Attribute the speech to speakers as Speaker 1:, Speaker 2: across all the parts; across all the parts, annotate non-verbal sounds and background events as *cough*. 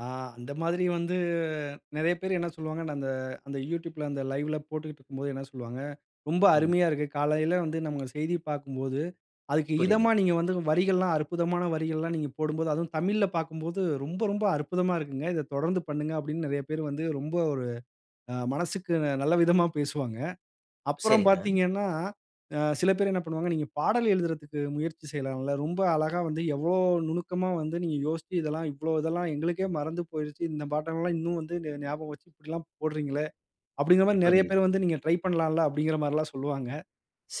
Speaker 1: ஆ அந்த மாதிரி வந்து நிறைய பேரு என்ன சொல்வாங்கன்னா அந்த, அந்த யூட்யூப்ல அந்த லைவ் ல போட்டுக்கிட்டு இருக்கும்போது என்ன சொல்வாங்க, "ரொம்ப
Speaker 2: ம்.
Speaker 1: அருமைய இருக்கு. காலையில வந்து நம்ம செய்திய பார்க்கும்போது அதுக்கு இதமா
Speaker 2: புரியுது.
Speaker 1: நீங்க வந்து வரிகள் எல்லாம் அற்புதமான வரிகள் எல்லாம் நீங்க போடும்போது அதுவும் தமிழ்ல பார்க்கும்போது ரொம்ப, ரொம்ப அற்புதமா இருக்குங்க. இத தொடர்ந்து பண்ணுங்க!" அப்பிடின்னு நிறைய பேரு வந்து ரொம்ப ஒரு அ மனசுக்கு நல்ல விதமா பேசுவாங்க. அப்புறம்
Speaker 2: சரிங்க.
Speaker 1: பார்த்தீங்கன்னா, ஆ சில பேரு என்ன பண்ணுவாங்க, "நீங்க பாடல் எழுதுறதுக்கு முயற்சி செய்யலாம்ல. ரொம்ப அழகா வந்து எவ்ளோ நுணுக்கமா வந்து நீங்க யோசிச்சு இதெல்லாம் இவ்ளோ இதெல்லாம் எங்களுக்கே மறந்து போயிருச்சு. இந்த பாட்டு எல்லாம் இன்னும் வந்து ந ஞாபகம் வச்சிக்கிட்டலெல்லாம் போடுறீங்களே!" அப்பிடிங்கிறமாரி நிறைய
Speaker 2: புரியுது.
Speaker 1: பேர் வந்து நீங்க ட்ரை பண்ணலாம்ல. அப்பிடிங்கிறமாரிலாம் சொல்வாங்க.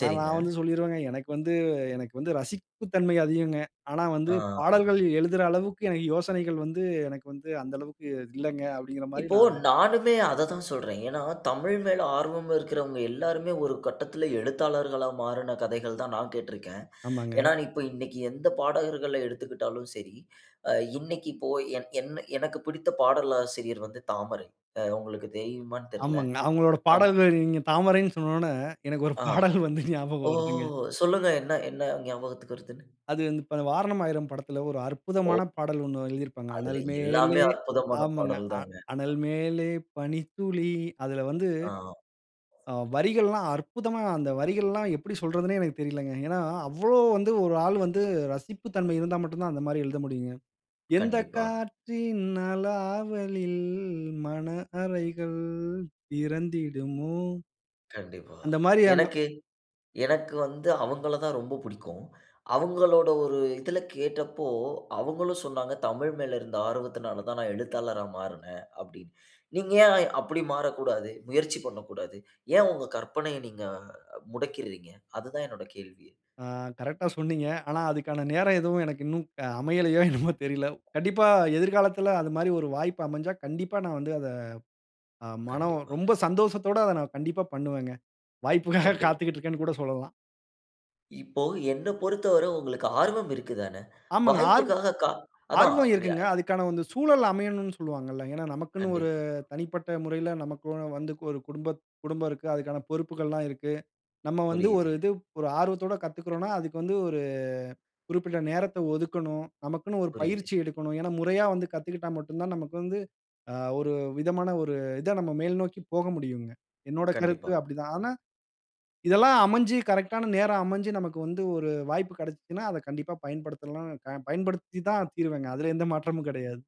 Speaker 1: ஆனா, நான் வந்து சொல்லிருவேங்க, எனக்கு வந்து எனக்கு வந்து ரசிப்பு தன்மை அதிகங்க. ஆனா வந்து
Speaker 2: ஆ, ஆ.
Speaker 1: பாடல்கள் எழுதுற அளவுக்கு எனக்கு யோசனைகள் வந்து எனக்கு வந்து அந்த அளவுக்கு இல்லங்க. அப்பிடிங்கிறமாரி
Speaker 2: இப்போ
Speaker 1: நான்
Speaker 2: நானுமே அத தான் சொல்றேன். ஏன்னா, தமிழ் மேல் ஆர்வம் இருக்கிறவங்க எல்லாருமே ஒரு கட்டத்தில எழுத்தாளர்களா மாறுன கதைகள் தான் நான் கேட்டிருக்கேன்.
Speaker 1: ஆமாங்க.
Speaker 2: ஏன்னா, இப்ப இன்னக்கி எந்த பாடகர்கள எடுத்துக்கிட்டாலும் சரி, அ இன்னக்கி இப்போ என் எ எனக்கு பிடித்த பாடலாசிரியர் வந்து தாமரை. அ உங்களுக்கு தெரியுமான்னு தெரியல.
Speaker 1: ஆமாங்க. அவுங்களோட
Speaker 2: அம்.
Speaker 1: பாடல்கள் நீங்க தாமரைன்னு சொன்ன உடனே எனக்கு ஒரு
Speaker 2: ஆ,
Speaker 1: பாடல் வந்து
Speaker 2: ஓ!
Speaker 1: ஞாபகம் வருதுங்க.
Speaker 2: சொல்லுங்க. என்ன, என்ன ஞாபகத்துக்கு வருதுன்னு.
Speaker 1: அது வந்து இப்ப "வாரணம் ஆயிரம்" படத்தில ஒரு அற்புதமான
Speaker 2: ஓ!
Speaker 1: பாடல் ஒன்னு எழுதியிருப்பாங்க.
Speaker 2: அதுல
Speaker 1: "அனல் மேலே"
Speaker 2: எல்லாமே அற்புதமான
Speaker 1: ஆமங்க
Speaker 2: பாடல்
Speaker 1: அ
Speaker 2: தாங்க.
Speaker 1: "அனல்
Speaker 2: ஆ
Speaker 1: மேலே பனித்துளி" அதில வந்து,
Speaker 2: ஆ, ஆ.
Speaker 1: ஆ வரிகள்லாம் அற்புதமா அந்த வரிகள் எல்லாம் எப்பிடி சொல்றதுன்னே எனக்குத் தெரியலங்க. ஏன்னா, அவ்ளோ வந்து ஒரு ஆள் வந்து ரசிப்பு தன்மை இருந்தா மட்டும் தான் அந்தமாரி எழுத முடியுங்க. "எந்த
Speaker 2: கண்டிப்பா.
Speaker 1: காற்றின் அலாவளில் மன அறைகள் திறந்திடுமோ!"
Speaker 2: கண்டிப்பா.
Speaker 1: அந்தமாரி அந்த
Speaker 2: எனக்கு, எனக்கு வந்து அவுங்கள தான் ரொம்ப புடிக்கும். அவுங்களோட ஒரு இதில கேட்டப்போ, அவுங்களும் சொன்னாங்க, தமிழ் மேல் இருந்த ஆர்வத்தினால தான் நான் எழுத்தாளரா மாறுனேன்.அப்பிடின்னு. நீங்க ஏன் அப்பிடி மாறக்கூடாது? முயற்சி பண்ணக்கூடாது. ஏன் உங்க கற்பனைய நீங்க முடக்கிறீங்க! அதுதான் என்னுடைய கேள்வியே!
Speaker 1: ஆ. கரெக்ட் ஆ சொன்னீங்க. ஆனா அதுக்கான நேரம் எதுவும் எனக்கு இன்னும் அ அமையலயோ! என்னமோ! தெரியல. கண்டிப்பா எதிர்காலத்தில அது மாரி ஒரு வாய்ப்பு அமஞ்சா, கண்டிப்பா நான் வந்து அத அ மனம் ரொம்ப
Speaker 2: கண்டிப்பாங்க.
Speaker 1: சந்தோசத்தோட அத நான் கண்டிப்பா பண்ணுவேங்க. வாய்ப்புக்காக
Speaker 2: கண்டிப்
Speaker 1: காத்துக்கிட்டு இருக்கேன்னு கூட சொல்லலாம்.
Speaker 2: இப்போ என்ன பொறுத்தவர உங்களுக்கு ஆர்வம் இருக்கு தானே!
Speaker 1: ஆமாங்க. ஆர்வம்,
Speaker 2: வாய்ப்புக்காக கா அதான்
Speaker 1: ஆர்வம் இருக்குங்க.
Speaker 2: *unintelligible*
Speaker 1: அதுக்கான அந்த சூழல் அமையணுன்னு சொல்வாங்கள்ல. ஏன்னா, நமக்குன்னு ஒரு
Speaker 2: கண்டிப்பா.
Speaker 1: தனிப்பட்ட முறையில நமக்கு வந்து ஒரு குடும்பத் குடும்பம் இருக்கு. அதுக்கான பொறுப்புகள் எல்லாம் இருக்கு. நம்ம வந்து ஒரு
Speaker 2: புரியுது.
Speaker 1: இது ஒரு ஆர்வத்தோட கத்துக்கிறோன்னா, அதுக்கு வந்து ஒரு குறிப்பிட்ட நேரத்த ஒதுக்கணும். நமக்குன்னு ஒரு
Speaker 2: புரியுது.
Speaker 1: பயிற்சி எடுக்கணும். ஏன்னா முறையா வந்து கத்துக்கிட்டா மட்டும் தான் நமக்கு வந்து அ ஒரு விதமான ஒரு இத நம்ம மேல்நோக்கி போக முடியுங்க. என்னுடைய கருத்து
Speaker 2: கண்டிப்பா.
Speaker 1: அப்பிடி தான். ஆனா, இதெல்லாம் அமஞ்சு கரெக்ட் ஆன நேரம் அமஞ்சு நமக்கு வந்து ஒரு வாய்ப்பு கிடச்சிச்சுன்னா, அத கண்டிப்பா பயன்படுத்தலாம் அ பயன்படுத்தி தான் தீருவேங்க. அதில எந்த மாற்றமும் கிடையாது.